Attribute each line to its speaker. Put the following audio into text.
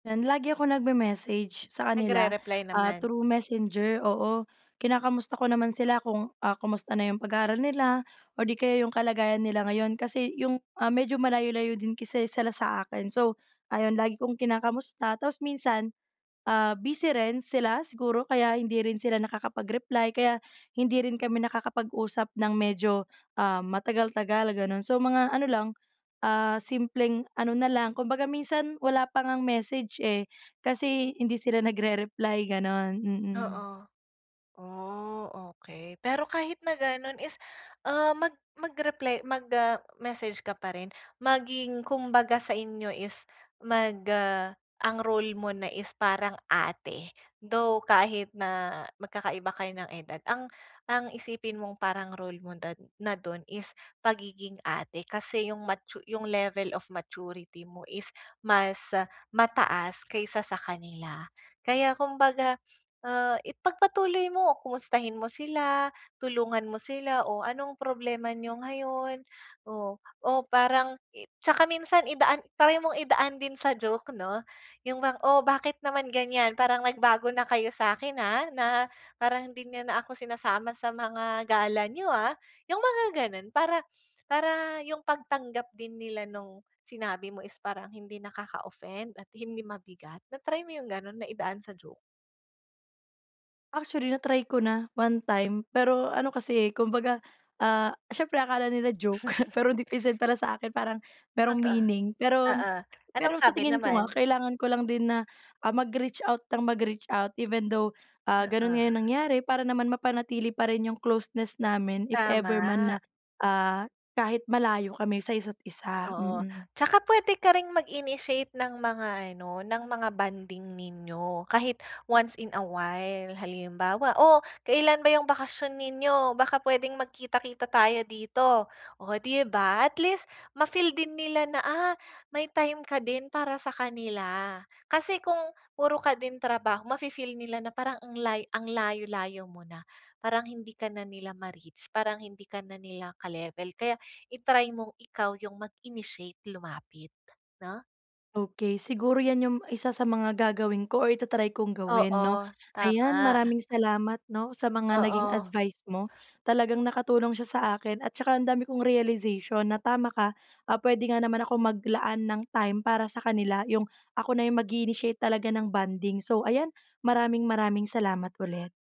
Speaker 1: Yan lagi akong nagme-message sa kanila,
Speaker 2: Nagre-reply
Speaker 1: ah,
Speaker 2: naman?
Speaker 1: through messenger, oo. Kinakamusta ko naman sila kung, ah, kamusta na yung pag-aaral nila, or 'di kaya 'yong kalagayan nila ngayon kasi 'yong, ah, medyo malayo-layo din kasi sila sa akin so, ayon lagi kong kinakamusta tapos minsan, ah, busy rin sila siguro kaya hindi rin sila nakakapag-reply kaya hindi rin kami nakakapag-usap ng medyo, ah, matagal-tagal ganun. So mga ano lang, ah, simpleng ano na lang, kumbaga minsan wala pa ngang message eh, kasi hindi sila nagre-reply ganun, mm.
Speaker 2: Oo, oh, okey. Pero kahit na ganon is, ah, mag mag-reply, mag ah, message ka pa rin. Maging kumbaga sa inyo is, mag ah, ang role mo na is parang ate, though kahit na, magkakaiba kayo ng edad ang ang isipin mong parang role mo na na dun is pagiging ate. Kasi 'yong matu 'yong level of maturity mo is mas mataas kaysa sa kanila. Kaya kumbaga, ah, ipagpatuloy mo, kumustahin mo sila, tulungan mo sila, oh anong problema niyo ngayon? Oh, o parang i tsaka minsan idaan, try mong idaan din sa joke, 'no? 'Yon bang, oh bakit naman ganyan, parang nagbago na kayo sa'kin, ah, na parang hindi niyo na ako sinasama sa mga gala niyo ah. 'Yong mga ganon para para yung pagtanggap din nila nung sinabi mo is parang hindi nakaka-offend at hindi mabigat. Na-try mo 'yong ganun, na idaan sa joke?
Speaker 1: Actually, na-try ko na, one time pero ano kasi eh, kumbaga, ah, siyempre akala nila joke pero deep inside para sa'kin parang, merong
Speaker 2: Nata
Speaker 1: meaning, pero
Speaker 2: oo, anong
Speaker 1: pero sa
Speaker 2: sabi
Speaker 1: tingin ko nga,
Speaker 2: naman?
Speaker 1: kailangan ko lang din na, ah, mag-reach out nang mag-reach out even though, ah, ganun
Speaker 2: Oo.
Speaker 1: nga yung nangyari para naman mapanatili pa rin yung closeness namin if ever man na,
Speaker 2: Tama.
Speaker 1: ah, kahit malayo kami sa isa't isa,
Speaker 2: Oo,
Speaker 1: mm.
Speaker 2: tsaka puwede ka ring mag-initiate ng mga ano, ng mga bonding ninyo kahit once in a while. Halimbawa, oh kailan ba 'yong bakasyon ninyo? Baka puwedeng magkita-kita tayo dito. Oh 'di ba? At least, ma-feel din nila na ah, may time ka din para sa kanila. Kasi kung puro ka din trabaho, mafi-feel nila na parang ang lay ang layo-layo mo na, parang hindi ka na nila ma-reach, parang hindi ka na nila ka-level kaya, i-try mong ikaw yung mag-initiate lumapit, 'no?
Speaker 1: Okey, siguro yan 'yong isa sa mga gagawin ko or ita-try kong gawin, 'no?
Speaker 2: Oo,
Speaker 1: Ayan
Speaker 2: tama.
Speaker 1: maraming salamat 'no sa mga naging
Speaker 2: Oo.
Speaker 1: advice mo. Talagang nakatulong siya sa akin at saka ang dami kong realization na tama ka, ah, puwede nga naman akong maglaan ng time para sa kanila, 'yong ako na 'yong mag-i-initiate talaga ng bonding. So ayan, maraming-maraming salamat ulit.